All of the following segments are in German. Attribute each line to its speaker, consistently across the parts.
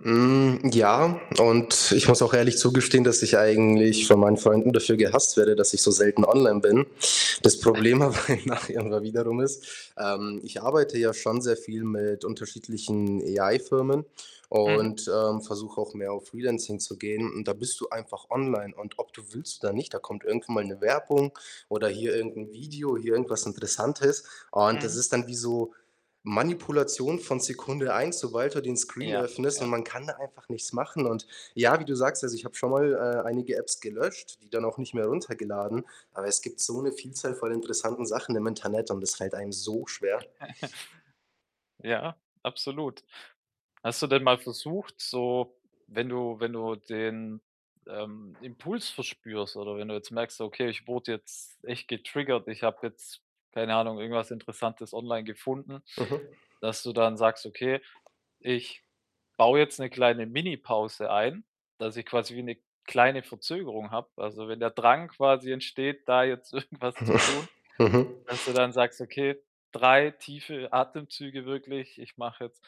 Speaker 1: Hm, ja, und ich muss auch ehrlich zugestehen, dass ich eigentlich von meinen Freunden dafür gehasst werde, dass ich so selten online bin. Das Problem aber [unintelligible] wiederum ist, ähm, ich arbeite ja schon sehr viel mit unterschiedlichen AI Firmen
Speaker 2: Mhm.
Speaker 1: und, ähm, versuche auch mehr auf Freelancing zu gehen und da bist du einfach online und ob du willst oder nicht, da kommt irgendwann mal 'ne Werbung oder hier irgend 'nen Video, hier irgendwas Interessantes und das
Speaker 2: Mhm.
Speaker 1: ist dann wie so Manipulation von Sekunde 1, sobald du den Screen
Speaker 2: Ja,
Speaker 1: öffnest und
Speaker 2: ja.
Speaker 1: man kann da einfach nichts machen und ja, wie du sagst, also, ich habe schonmal, äh, einige Apps gelöscht, die dann auch nicht mehr runtergeladen, aber es gibt so 'ne Vielzahl von interessanten Sachen im Internet und das fällt einem so schwer.
Speaker 2: Ja, absolut. Hast du denn mal versucht, so wenn du wenn du den, ähm, Impuls verspürst oder wenn du jetzt merkst, so: „Okay, ich wurde jetzt echt getriggert, ich habe jetzt, keine Ahnung, irgendwas Interessantes online gefunden“,
Speaker 1: Mhm.
Speaker 2: dass du dann sagst: „Okay, ich baue jetzt 'ne kleine Minipause ein, dass ich quasi wie 'ne kleine Verzögerung habe“ also, wenn der Drang quasi entsteht, da jetzt irgendwas zu tun,
Speaker 1: Mhm.
Speaker 2: dass du dann sagst: „Okay, 3 tiefe Atemzüge wirklich. Ich mache jetzt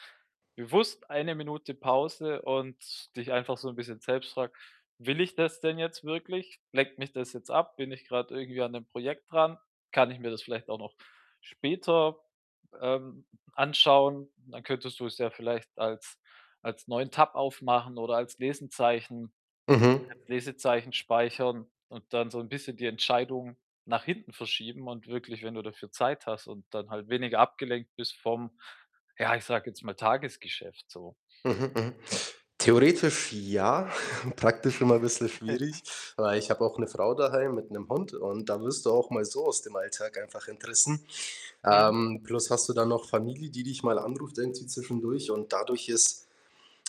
Speaker 2: bewusst 1 Minute Pause“, und dich einfach so 'n bisschen selbst fragst: „Will ich das denn jetzt wirklich? Lenkt mich das jetzt ab? Bin ich grad irgendwie an 'nem Projekt dran? Kann ich mir das vielleicht auch noch später, ähm, anschauen?“ Dann könntest du es ja vielleicht als als neuen Tab aufmachen oder als Lesezeichen
Speaker 1: Mhm.
Speaker 2: als Lesezeichen speichern und dann so 'n bisschen die Entscheidung nach hinten verschieben und wirklich, wenn du dafür Zeit hast und dann halt weniger abgelenkt vom ja, ich sage jetzt mal Tagesgeschäft so.
Speaker 1: Mhm, mhm. Theoretisch ja, praktisch immer bisschen schwierig, weil ich habe auch 'ne Frau daheim mit Hund und da wirst du auch mal so aus dem Alltag einfach entrissen.
Speaker 2: Mhm.
Speaker 1: Ähm, plus hast du dann noch Familie, die dich mal anruft irgendwie zwischendurch und dadurch ist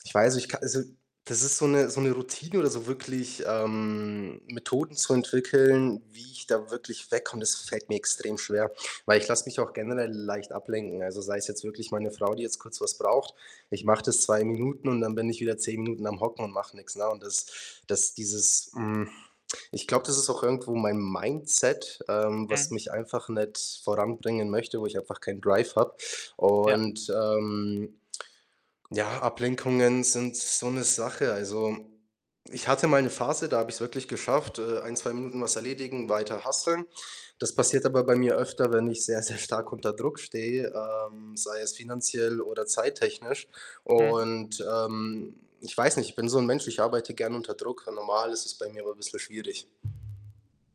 Speaker 1: ich weiß, ich ka also, das ist so 'ne so 'ne Routine oder so wirklich, ähm, Methoden zu entwickeln, wie ich da wirklich wegkomme, das fällt mir extrem schwer, weil ich lass mich auch generell leicht ablenken. Also, sei es jetzt wirklich meine Frau, die jetzt kurz was braucht, ich mache das 2 Minuten und dann bin ich wieder 10 Minuten am hocken und mache nix, ne, und das das dieses hm, ich glaube, das ist auch irgendwo mein Mindset, ähm, was
Speaker 2: Mhm.
Speaker 1: mich einfach nicht voranbringen möchte, wo ich einfach keinen Drive habe
Speaker 2: Ja.
Speaker 1: und, ähm, ja, Ablenkungen sind so 'ne Sache. Also, ich hatte mal 'ne Phase, da habe ich's wirklich geschafft, äh, 1, 2 Minuten was erledigen, weiter hustlen. Das passiert aber bei mir
Speaker 2: [unintelligible]
Speaker 1: öfter, wenn ich sehr, sehr stark unter Druck stehe, ähm, sei es finanziell oder zeittechnisch
Speaker 2: Mhm.
Speaker 1: und, ähm, ich weiß nicht, ich bin so 'n Mensch, ich arbeite gerne unter Druck und normal ist es bei mir aber bisschen schwierig.